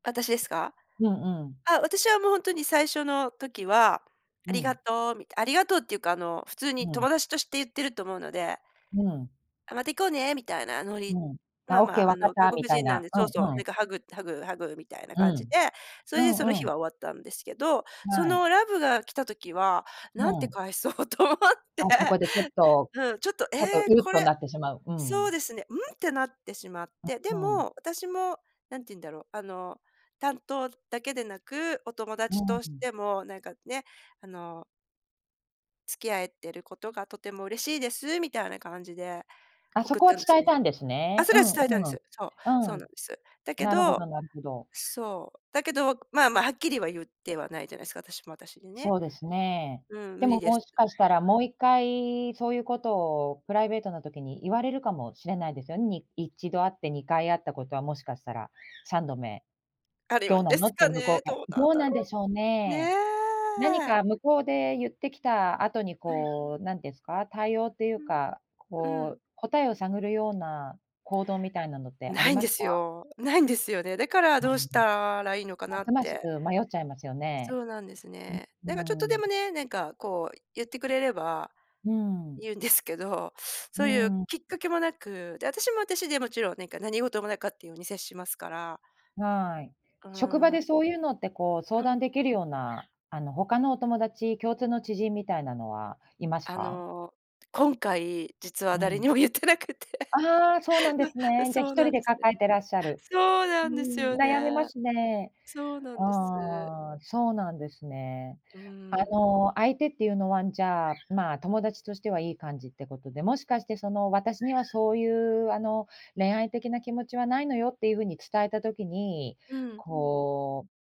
私ですか？うんうん。ああ、私はもうほんとに最初の時は、あうりがん。とう、みたいありがとうっていうかあの、普通にうん。友達として言ってると思うので。うん。あ、また行こうねみたいなノリ。うん、まああ、オッまケーあ、あわかっの、外たみ国たい人なんな、で、うそうそう、んうなん。んかハグハグハグみたいなう感じん、で、そうれでそのんう日ん。は終わったんですけど、そはい。のラブが来た時は、う何てん。返そうと思って。あ、そこでちょっとうん、ちょっと、えちょっと、え、うっことれ、なってしまう。うそうん。ですね「ん」ってなってしまって。でうんうん。も、私も、なんて言うんだろう、あの、担当だけでなく、お友う達ーとしん。ても、なんかね、あの付き合えてることがとても嬉しいです、みたいな感じであ、そ送っこはたんで伝すえよねたんですあ、ね、そうれはんう伝えたんです。そう、そん、ううなんです。だん。けなるほどどなるほど。そう、だけど、まあまあはっきりは、言ってはないじゃないですか、私も私にね。そうですね、うん、無でも理でもすしかしたら、もう一回そういうことをプライベートの時に言われるかもしれないですよに1度あって2回あったことはもしかしたら、3度目、あるよどうんなでのすってか向こね、うから、どうなどんうだなろんでしょうう。ねね？何え。か向こうで言ってきた後にうん。こう、なんですか、対応っていううん。か、うこん。う答えを探るような行動みたいなのってあ無りいんまでしすた？よ。無いんですよね。だからうーどうしん。たらいいのかまなすっますて。迷っちゃいますよね。そうなんですうね。なんかちょっん、うとーでん。もね、なんかこう、言ってくれれば、うん。言うんです けど、うーそういうん。きっかけもなく、で、私も私でもちろん、なんか何事もなかったっていうように接しますから。はい。うー職場でん。そういうのって、こう相う談ん。できるような、あの他のお友達、共通の知人みたいなのはいますあか？の、今回、実はう誰ん。にも言ってなくて。ああ、そうなんです ね、じゃそひうとりなんでですね。抱えてらっしゃる。そううーなんですん、よ悩みね。ますね。そうなんです。ああ、そうなんですね。うーあん。の、相手っていうのはじゃあ、まあ、友達としてはいい感じってことで、もしかしてその、私にはそういうあの、恋愛的な気持ちはないのよっていうふうに伝えた時にうん。こう